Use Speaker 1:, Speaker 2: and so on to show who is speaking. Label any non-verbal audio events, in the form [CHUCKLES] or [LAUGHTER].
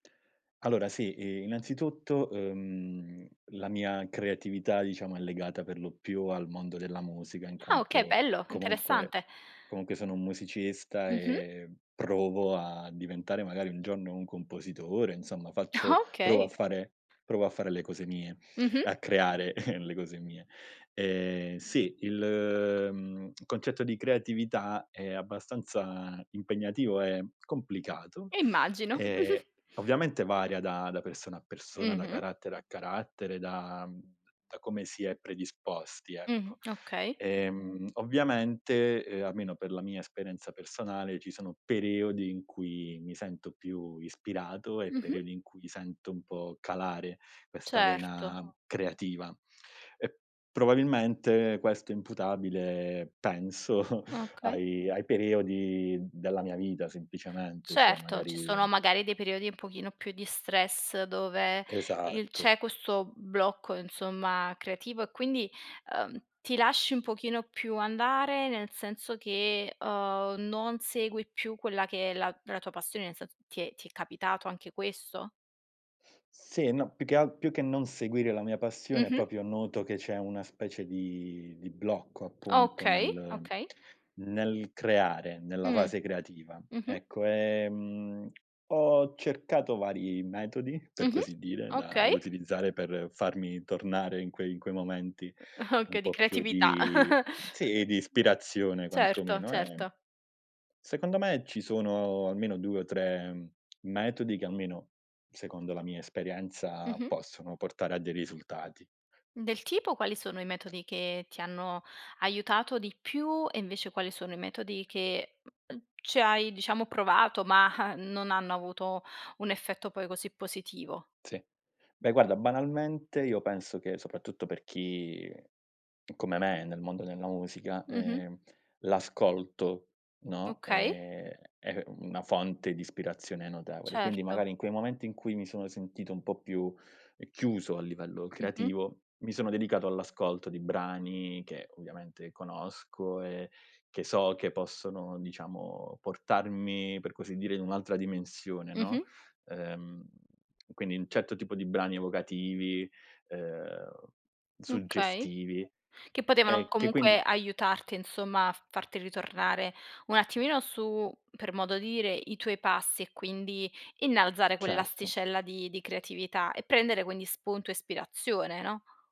Speaker 1: Allora sì, i innanzitutto, uhm, la mia creatività diciamo, è legata per lo più al mondo della musica in
Speaker 2: Ah, okay,
Speaker 1: quanto
Speaker 2: bello,
Speaker 1: comunque
Speaker 2: interessante.
Speaker 1: comunque sono un musicista
Speaker 2: Mh-mh.
Speaker 1: e provo a diventare magari un giorno un compositore, insomma faccio
Speaker 2: [CHUCKLES]
Speaker 1: provo a
Speaker 2: Okay.
Speaker 1: fare provo a fare le cose mie, e
Speaker 2: Mh-mh.
Speaker 1: a creare [CHUCKLES] le cose mie. Ehm, sì, il, mhmm, concetto di creatività è abbastanza impegnativo, è complicato,
Speaker 2: Immagino.
Speaker 1: ehm,
Speaker 2: [GIGGLES]
Speaker 1: ovviamente varia da da persona a persona, da
Speaker 2: Mh-mh.
Speaker 1: carattere a carattere, da, uhm, da come si è predisposti,
Speaker 2: Mh,
Speaker 1: ecco.
Speaker 2: okay.
Speaker 1: Ehm, ovviamente, ehm, almeno per la mia esperienza personale, ci sono periodi in cui mi sento più ispirato, e
Speaker 2: Mh-mh.
Speaker 1: periodi in cui sento un po' calare questa
Speaker 2: Certo.
Speaker 1: vena creativa. Uhm probabilmente, questo è imputabile penso, [CHUCKLES]
Speaker 2: Okay.
Speaker 1: ai ai periodi della mia vita semplicemente, cioè
Speaker 2: Certo, ci
Speaker 1: magari
Speaker 2: sono magari dei periodi un pochino più di stress dove, il
Speaker 1: Esatto.
Speaker 2: c'è questo blocco insomma creativo e quindi, uhm, ti lasci un pochino più andare, nel senso che, uhm, non segui più quella che è la la tua passione, nel sen ti è ti è capitato anche questo?
Speaker 1: Sì, no più che alt più che non seguire la mia passione,
Speaker 2: Mh-mh.
Speaker 1: proprio noto che c'è una specie di di blocco appunto
Speaker 2: Okay,
Speaker 1: nel
Speaker 2: okay.
Speaker 1: nel creare, nella
Speaker 2: Mh,
Speaker 1: fase creativa.
Speaker 2: mh-mh.
Speaker 1: Ecco, ehm, ho cercato vari metodi, per
Speaker 2: Mh-mh,
Speaker 1: così dire, da da
Speaker 2: okay.
Speaker 1: utilizzare per farmi tornare in quei in quei momenti un
Speaker 2: Okay, di
Speaker 1: po' più
Speaker 2: creatività.
Speaker 1: di
Speaker 2: [CHUCKLES]
Speaker 1: sì, di ispirazione
Speaker 2: Certo,
Speaker 1: quantomeno, ehm
Speaker 2: certo.
Speaker 1: secondo me ci sono almeno 2 o 3 metodi che, almeno secondo la mia esperienza,
Speaker 2: Mh-mh.
Speaker 1: possono portare a dei risultati.
Speaker 2: Del tipo, quali sono i metodi che ti hanno, aiutato di più, e invece quali sono i metodi che uhm, ci hai diciamo provato, mah, non hanno avuto un effetto poi così positivo?
Speaker 1: Sì. Beh, guarda, banalmente, io penso che, soprattutto per chi come me, è nel mondo della musica,
Speaker 2: Mh-mh.
Speaker 1: ehm, l'ascolto, no,
Speaker 2: Okay.
Speaker 1: ehm, è una fonte di ispirazione notevole. Quindi
Speaker 2: Certo.
Speaker 1: magari, in quei momenti in cui mi sono sentito un po' più, chiuso, a livello
Speaker 2: Mh-mh.
Speaker 1: creativo, mi sono dedicato all'ascolto di brani che, ovviamente conosco e che so che possono diciamo portarmi per così dire, in un'altra dimensione,
Speaker 2: Mh-mh.
Speaker 1: no, uhm, quindi un certo tipo di brani evocativi, uhm,
Speaker 2: Okay,
Speaker 1: suggestivi
Speaker 2: che potevano
Speaker 1: e che
Speaker 2: comunque
Speaker 1: quindi
Speaker 2: aiutarti insomma a farti ritornare un attimino su per modo dire, i tuoi passi e quindi innalzare
Speaker 1: Certo.
Speaker 2: quell'asticella di di creatività e prendere quindi spunto e ispirazione, no?